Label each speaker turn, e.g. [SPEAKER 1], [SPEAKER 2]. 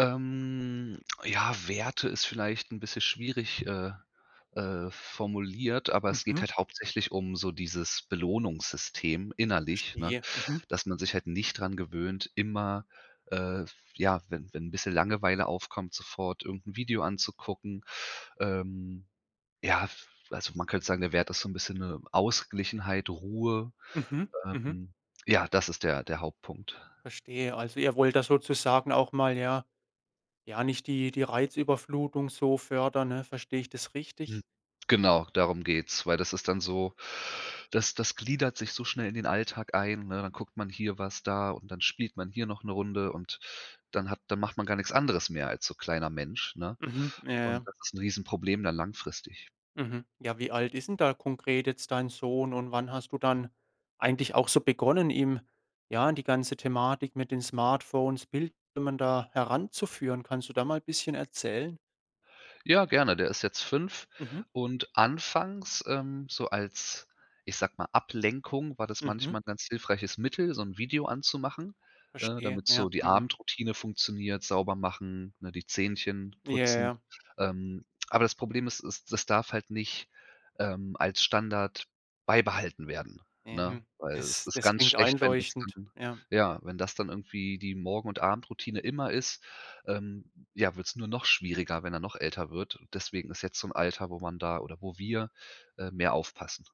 [SPEAKER 1] Ähm, ja, Werte ist vielleicht 'n bisschen schwierig, äh, äh, formuliert, aber es geht
[SPEAKER 2] Mhm.
[SPEAKER 1] halt hauptsächlich um so dieses Belohnungssystem innerlich, ne,
[SPEAKER 2] Verstehe. Mhm.
[SPEAKER 1] dass man sich halt nicht dran gewöhnt, immer, äh, f ja, wenn wenn bisschen Langeweile aufkommt, sofort irgend 'n Video anzugucken ähm, ja, f also man könnte sagen, der Wert ist so 'n bisschen 'ne Ausgeglichenheit, Ruhe
[SPEAKER 2] Mhm. Mhm.
[SPEAKER 1] ähm, ja, das ist der der Hauptpunkt.
[SPEAKER 2] Verstehe. Also, ihr wollt da sozusagen auch mal, ja Ja, nicht die die Reizüberflutung so fördern, ne? Verstehe ich das richtig?
[SPEAKER 1] Hm, genau, darum geht's, weil das ist dann so das das gliedert sich so schnell in den Alltag ein, ne? Dann guckt man hier was da und dann spielt man hier noch 'ne Runde und dann hat dann macht man gar nix anderes mehr als so kleiner Mensch, ne?
[SPEAKER 2] Mhm. Ja, ja.
[SPEAKER 1] Und das ist 'n Riesenproblem dann langfristig.
[SPEAKER 2] Mhm. Ja, wie alt is 'n da konkret jetzt dein Sohn und wann hast du dann eigentlich auch so begonnen, ihm, ja, in die ganze Thematik mit den Smartphones, Bildschirmen da heranzuführen? Kannst du da mal bisschen erzählen?
[SPEAKER 1] Ja, gerne, der ist jetzt 5
[SPEAKER 2] Mhm.
[SPEAKER 1] und anfangs, ähm, so als, ich sage mal, Ablenkung war das
[SPEAKER 2] Mhm.
[SPEAKER 1] manchmal 'n ganz hilfreiches Mittel, so 'n Video an zu machen, äh,
[SPEAKER 2] Verstehe.
[SPEAKER 1] damit
[SPEAKER 2] Ja.
[SPEAKER 1] so die
[SPEAKER 2] Mhm.
[SPEAKER 1] Abendroutine funktioniert, sauber machen, ne, die Zähnchen
[SPEAKER 2] Ja, ja,
[SPEAKER 1] putzen.
[SPEAKER 2] ja.
[SPEAKER 1] Ähm, aber das Problem ist, es es es darf halt nicht, ähm, als Standard beibehalten werden, ne?
[SPEAKER 2] Mhm,
[SPEAKER 1] Weil es
[SPEAKER 2] das
[SPEAKER 1] ist
[SPEAKER 2] das
[SPEAKER 1] ganz
[SPEAKER 2] klingt
[SPEAKER 1] schlecht, wenn das
[SPEAKER 2] einleuchtend.
[SPEAKER 1] dann
[SPEAKER 2] Ja.
[SPEAKER 1] ja, wenn das dann irgendwie die Morgen und Abendroutine immer ist, ähm, ja, wird's nur noch schwieriger, wenn er noch älter wird. Deswegen ist jetzt so 'n Alter, wo man da oder wo wir, äh, mehr aufpassen.